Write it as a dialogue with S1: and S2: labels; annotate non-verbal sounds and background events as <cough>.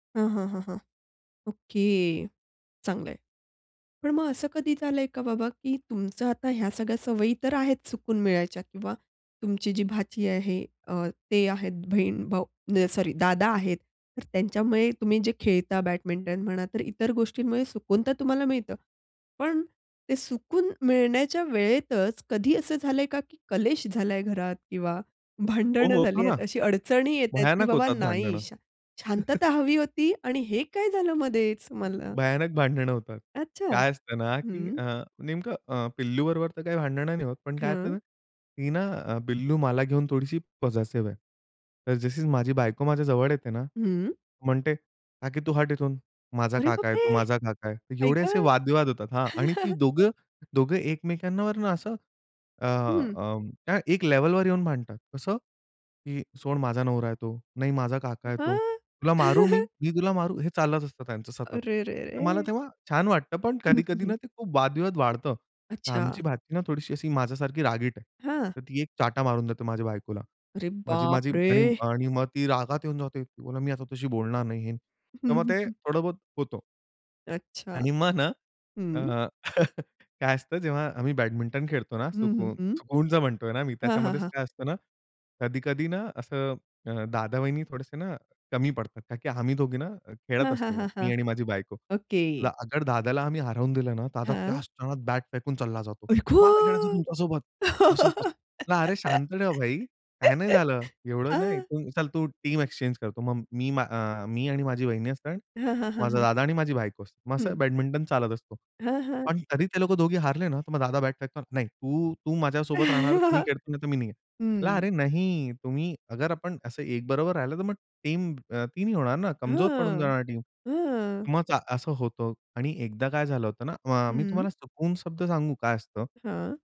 S1: हां, हां, हां, हां. ओके. चांगलं आहे. पण मग असं कधी झालंय का बाबा, की तुमचं आता ह्या सगळ्या सवयी तर आहेत, सुकून मिळायच्या किंवा तुमची जी भाची आहे अ, ते आहेत, बहीण-भाऊ, म्हणजे सॉरी दादा आहेत, तर त्यांच्यामुळे तुम्ही जे खेळता, बॅडमिंटन म्हणा तर इतर गोष्टींमुळे सुकून तर तुम्हाला मिळतं. पण ते सुकून मिळण्याच्या वेळेतच कधी असं झालंय का, की कलेश झालाय घरात किंवा
S2: हो.
S1: भांडणं झाली
S2: होतो ना.
S1: आहेत, अशी अडचणी येतायत, की
S2: भयानक
S1: बाबा
S2: होतात
S1: नाही.
S2: भांडणं.
S1: शा
S2: <chuckles>
S1: शांतता हवी होती आणि हे काय झालं मधेच मला?
S2: भयानक भांडणं होतात.
S1: अच्छा.
S2: काय असतं ना, की
S1: हं.
S2: अ, नेमकं अ, पिल्लूबरोबर तर काही भांडणं नाही होत, पण काय असते
S1: हं.
S2: ना, ती ना अ, पिल्लू मला घेऊन थोडीशी पसेसिव्ह आहे. तर जशी माझी बायको माझ्याजवळ येते ना
S1: हं.
S2: म्हणते, "काकी तू हट ईथून, माझा
S1: अरे
S2: काका
S1: बाप
S2: आहे,
S1: रे!
S2: तो माझा काका आहे."
S1: आई
S2: एवढे असे
S1: गं!
S2: वाद-विवाद होतात, हां आणि ती
S1: <chuckles>
S2: दोघं दोघं एकमेकांवरून असं अ,
S1: हं.
S2: अं, त्या एक लेव्हलवर येऊन भांडतात. कसं? की "सोड माझा नवरा आहे तो." "नाही माझा काका आहे तो."
S1: हां.
S2: "तुला मारू मी."
S1: <chuckles>
S2: "मी तुला मारू." हे चालत असतं त्यांचं सतत.
S1: अरे रे
S2: तर मला
S1: रे!
S2: तेव्हा छान वाटतं, पण
S1: हं, हं,
S2: कधी-कधी
S1: हं.
S2: ना, ते खूप वाद-विवाद वाढतं.
S1: अच्छा.
S2: आमची भाची ना थोडीशी अशी माझ्यासारखी रागीट आहे.
S1: हां.
S2: तर ती एक चाटा मारून देते, माझ्या बायकोला.
S1: अरे
S2: माझी
S1: बाप
S2: माझी आणि
S1: रे!
S2: आणि मग ती रागात येऊन जाते, "बोलते मी आता तशी बोलणार नाही." <unintelligible>
S1: हं,
S2: तर मग
S1: हं,
S2: ते
S1: हं.
S2: थोडं-बहुत होतो.
S1: अच्छा,
S2: आणि मग ना अ,
S1: हं.
S2: <chuckles> काय असतं, जेव्हा आम्ही बॅडमिंटन खेळतो ना,
S1: हं, हं,
S2: सुकून
S1: हं.
S2: सुकूनचं म्हणतोय ना मी,
S1: हां, हां,
S2: त्याच्यामध्येच
S1: हां.
S2: काय असतं ना, कधी-कधी ना असं अ, दादा-वहिनी थोडेसे ना कमी पडतात. का की आम्ही दोघी ना खेळत
S1: हां, हां,
S2: असतो,
S1: हां, हां,
S2: मी आणि माझी बायको.
S1: ओके.
S2: <unintelligible> अगर दादाला आम्ही हरवून दिलं ना, तर दादा त्या
S1: हां.
S2: क्षणात बॅट फेकून चालला जातो.
S1: आई
S2: "मला नाही खेळायचं
S1: गं!
S2: तुमच्यासोबत," असं,
S1: <laughs>
S2: तसं. "अरे शांत ठेव भाई, काय नाही झालं, एवढं नाही.
S1: हां.
S2: चल तू टीम एक्सचेंज करतो. मग मी अ, मी आणि माझी वहिनी असते,
S1: हां, हां, हां,
S2: माझा
S1: हां.
S2: दादा आणि माझी बायको असते. मग असा
S1: हं.
S2: बॅडमिंटन चालत असतो.
S1: हां, हां.
S2: पण कधी ते लोकं दोघे हारले ना, तर मग दादा बॅट फेकतो. "नाही तू, तू माझ्यासोबत राहणार. तू नाही
S1: <chuckles>
S2: खेळणार, तर मी नाही.
S1: हं.
S2: अरे नाही, तुम्ही अगर आपण असं एकबरोबर राहिलो तर मग टीम ती नाही होणार ना, कमजोर पडून
S1: हां,
S2: जाणार टीम.
S1: हां.
S2: मग चा असं होतं आणि एकदा काय झालं होतं ना, अ, मी
S1: हं.
S2: तुम्हाला सुकून शब्द सांगू काय असतं?
S1: हां.